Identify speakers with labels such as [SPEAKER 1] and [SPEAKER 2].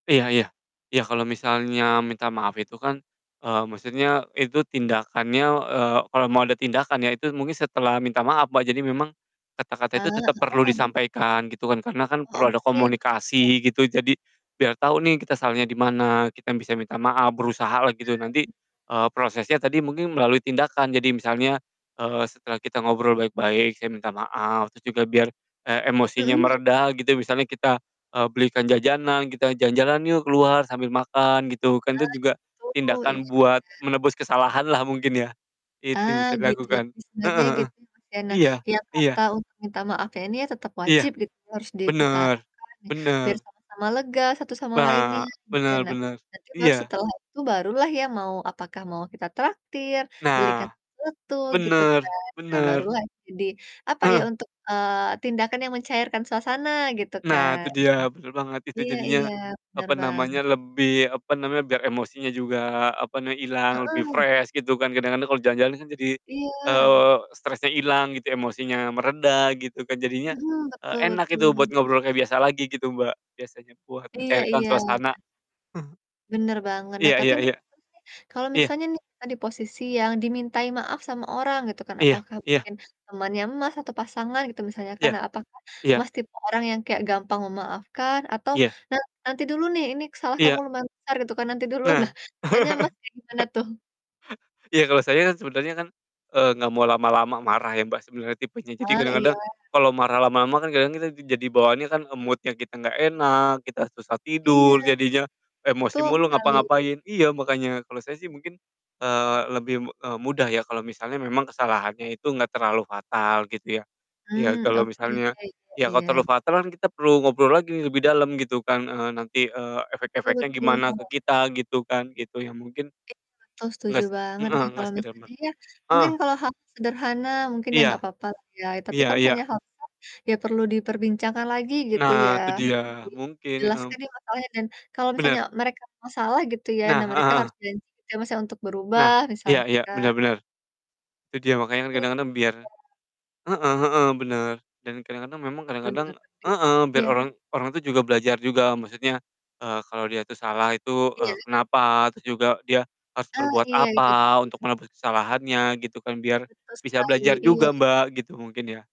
[SPEAKER 1] Iya iya, iya kalo misalnya minta maaf itu kan, eee, maksudnya itu tindakannya eee, kalo mau ada tindakan ya itu mungkin setelah minta maaf Mbak, jadi memang,
[SPEAKER 2] Eee,
[SPEAKER 1] kata-kata itu tetep perlu
[SPEAKER 2] heeh.
[SPEAKER 1] disampaikan gitu kan, karena kan
[SPEAKER 2] Oh,
[SPEAKER 1] perlu ada
[SPEAKER 2] oke iya iya.
[SPEAKER 1] komunikasi gitu jadi, biar tau nih kita salahnya di mana kita bisa minta maaf berusaha lah gitu
[SPEAKER 2] Ah,
[SPEAKER 1] nanti,
[SPEAKER 2] bener.
[SPEAKER 1] eee, prosesnya tadi mungkin melalui tindakan, jadi misalnya, eee, setelah kita ngobrol baik-baik, "Saya minta maaf," terus juga biar, e emosinya
[SPEAKER 2] Mhm, iya.
[SPEAKER 1] mereda gitu misalnya kita, eee, belikan jajanan kita, "Jalan-jalan yuk keluar sambil makan," gitu kan itu
[SPEAKER 2] Ah,
[SPEAKER 1] juga,
[SPEAKER 2] gitu
[SPEAKER 1] tindakan
[SPEAKER 2] iya iya.
[SPEAKER 1] buat menebus kesalahan lah mungkin ya, itu yang
[SPEAKER 2] Ah,
[SPEAKER 1] bisa
[SPEAKER 2] gitu ya
[SPEAKER 1] dilakukan,
[SPEAKER 2] sebenarnya
[SPEAKER 1] heeh heeh,
[SPEAKER 2] gitu Mas, ya. Nah
[SPEAKER 1] iya,
[SPEAKER 2] tiap kata
[SPEAKER 1] iya.
[SPEAKER 2] untuk minta maaf ya ini ya tetap
[SPEAKER 1] Iya,
[SPEAKER 2] wajib gitu harus
[SPEAKER 1] bener,
[SPEAKER 2] diutarakan, biar
[SPEAKER 1] bener.
[SPEAKER 2] sama-sama lega satu sama lainnya
[SPEAKER 1] Ba,
[SPEAKER 2] gitu.
[SPEAKER 1] bener
[SPEAKER 2] Nah,
[SPEAKER 1] bener,
[SPEAKER 2] nanti baru
[SPEAKER 1] iya.
[SPEAKER 2] setelah itu baru lah ya mau apakah mau kita traktir, belikan
[SPEAKER 1] Nah,
[SPEAKER 2] sesuatu gitu
[SPEAKER 1] bener
[SPEAKER 2] kan. Nah baru
[SPEAKER 1] bener.
[SPEAKER 2] lah jadi apa ya
[SPEAKER 1] Heeh.
[SPEAKER 2] untuk, eee, tindakan yang mencairkan suasana gitu
[SPEAKER 1] Nah,
[SPEAKER 2] kan.
[SPEAKER 1] itu dia bener banget, itu
[SPEAKER 2] Iya
[SPEAKER 1] jadinya,
[SPEAKER 2] iya bener,
[SPEAKER 1] apa
[SPEAKER 2] Bang.
[SPEAKER 1] namanya, lebih apa namanya, biar emosinya juga apa nama hilang lebih
[SPEAKER 2] Heeh.
[SPEAKER 1] fresh gitu kan kadang-kadang kalo jalan-jalan kan jadi,
[SPEAKER 2] Iya.
[SPEAKER 1] eee, stresnya ilang gitu, emosinya mereda gitu kan jadinya,
[SPEAKER 2] Mhm,
[SPEAKER 1] eee,
[SPEAKER 2] betul
[SPEAKER 1] enak
[SPEAKER 2] betul
[SPEAKER 1] gitu buat ngobrol kayak biasa lagi gitu, Mbak, biasanya buat
[SPEAKER 2] Iya
[SPEAKER 1] mencairkan
[SPEAKER 2] iya.
[SPEAKER 1] suasana.
[SPEAKER 2] Bener banget nah
[SPEAKER 1] Iya
[SPEAKER 2] tapi,
[SPEAKER 1] iya iya,
[SPEAKER 2] [unintelligible] kalau
[SPEAKER 1] iya.
[SPEAKER 2] misalnya nih kita di posisi yang dimintai maaf sama orang gitu kan,
[SPEAKER 1] Iya
[SPEAKER 2] apakah
[SPEAKER 1] iya.
[SPEAKER 2] mungkin temannya Mas, atau pasangan gitu misalnya kan,
[SPEAKER 1] Iya,
[SPEAKER 2] nah apakah
[SPEAKER 1] iya.
[SPEAKER 2] Mas, tipe orang yang kayak gampang memaafkan atau
[SPEAKER 1] Iya.
[SPEAKER 2] nanti "Nanti dulu nih ini salah kamu
[SPEAKER 1] Iya.
[SPEAKER 2] lumayan besar," gitu kan nanti dulu. Nah,
[SPEAKER 1] Nah.
[SPEAKER 2] biasanya Mas kayak gimana tuh?
[SPEAKER 1] Iya kalo saya kan sebenernya kan, eee, gak mau lama-lama marah ya, Mbak, sebenernya tipenya, jadi
[SPEAKER 2] Ah, iya.
[SPEAKER 1] kadang-kadang, kalo marah lama-lama kan kadang kita jadi bawaannya kan mood-nya kita gak enak, kita susah
[SPEAKER 2] Iya,
[SPEAKER 1] tidur jadinya, emosi
[SPEAKER 2] betul
[SPEAKER 1] mulu
[SPEAKER 2] sekali.
[SPEAKER 1] ngapa-ngapain. Iya makanya kalo saya sih mungkin, eee, lebih mu eee, mudah ya kalo misalnya memang kesalahannya itu gak terlalu fatal gitu ya, iya
[SPEAKER 2] Mmm,
[SPEAKER 1] kalo
[SPEAKER 2] oke
[SPEAKER 1] misalnya
[SPEAKER 2] iya iya
[SPEAKER 1] ya kalo
[SPEAKER 2] iya.
[SPEAKER 1] terlalu fatal kan kita perlu ngobrol lagi lebih dalam gitu kan, eee, nanti, eee,
[SPEAKER 2] Betul
[SPEAKER 1] efek-efeknya gimana ke
[SPEAKER 2] betul.
[SPEAKER 1] kita gitu kan, gitu ya, mungkin,
[SPEAKER 2] Iya, betul setuju
[SPEAKER 1] nges
[SPEAKER 2] banget
[SPEAKER 1] heeh,
[SPEAKER 2] ya,
[SPEAKER 1] nggak
[SPEAKER 2] kalau
[SPEAKER 1] sekedar
[SPEAKER 2] misalnya
[SPEAKER 1] mer
[SPEAKER 2] ya, mungkin
[SPEAKER 1] heeh.
[SPEAKER 2] kalau hal-hal sederhana mungkin ya
[SPEAKER 1] Iya,
[SPEAKER 2] gak papa lah ya, tapi
[SPEAKER 1] iya
[SPEAKER 2] kalau
[SPEAKER 1] iya.
[SPEAKER 2] misalnya [unintelligible] ya perlu diperbincangkan lagi gitu ya,
[SPEAKER 1] Nah, itu dia
[SPEAKER 2] [unintelligible]
[SPEAKER 1] mungkin, mhm.
[SPEAKER 2] jelaskan ya masalahnya dan kalau misalnya
[SPEAKER 1] Bener.
[SPEAKER 2] mereka masalah gitu ya,
[SPEAKER 1] Nah,
[SPEAKER 2] nah
[SPEAKER 1] heeh
[SPEAKER 2] mereka
[SPEAKER 1] heeh.
[SPEAKER 2] harus janji gitu ya, Mas, ya, untuk berubah
[SPEAKER 1] Nah iya
[SPEAKER 2] misalnya
[SPEAKER 1] iya bener
[SPEAKER 2] kan.
[SPEAKER 1] bener. Itu dia
[SPEAKER 2] [unintelligible]
[SPEAKER 1] makanya kan
[SPEAKER 2] Iya.
[SPEAKER 1] kadang-kadang biar heeh heeh, bener, dan kadang-kadang memang kadang-kadang
[SPEAKER 2] Bener lagi,
[SPEAKER 1] heeh, biar
[SPEAKER 2] iya.
[SPEAKER 1] orang orang tuh juga belajar juga maksudnya, eee, kalo dia tuh salah itu, eee,
[SPEAKER 2] Iya.
[SPEAKER 1] kenapa, terus juga dia harus
[SPEAKER 2] Ah,
[SPEAKER 1] berbuat
[SPEAKER 2] iya itu dia
[SPEAKER 1] apa
[SPEAKER 2] tuh.
[SPEAKER 1] untuk menebus kesalahannya gitu kan, biar
[SPEAKER 2] Betul
[SPEAKER 1] bisa
[SPEAKER 2] sekali
[SPEAKER 1] belajar
[SPEAKER 2] iya
[SPEAKER 1] juga
[SPEAKER 2] iya.
[SPEAKER 1] Mbak, gitu mungkin ya.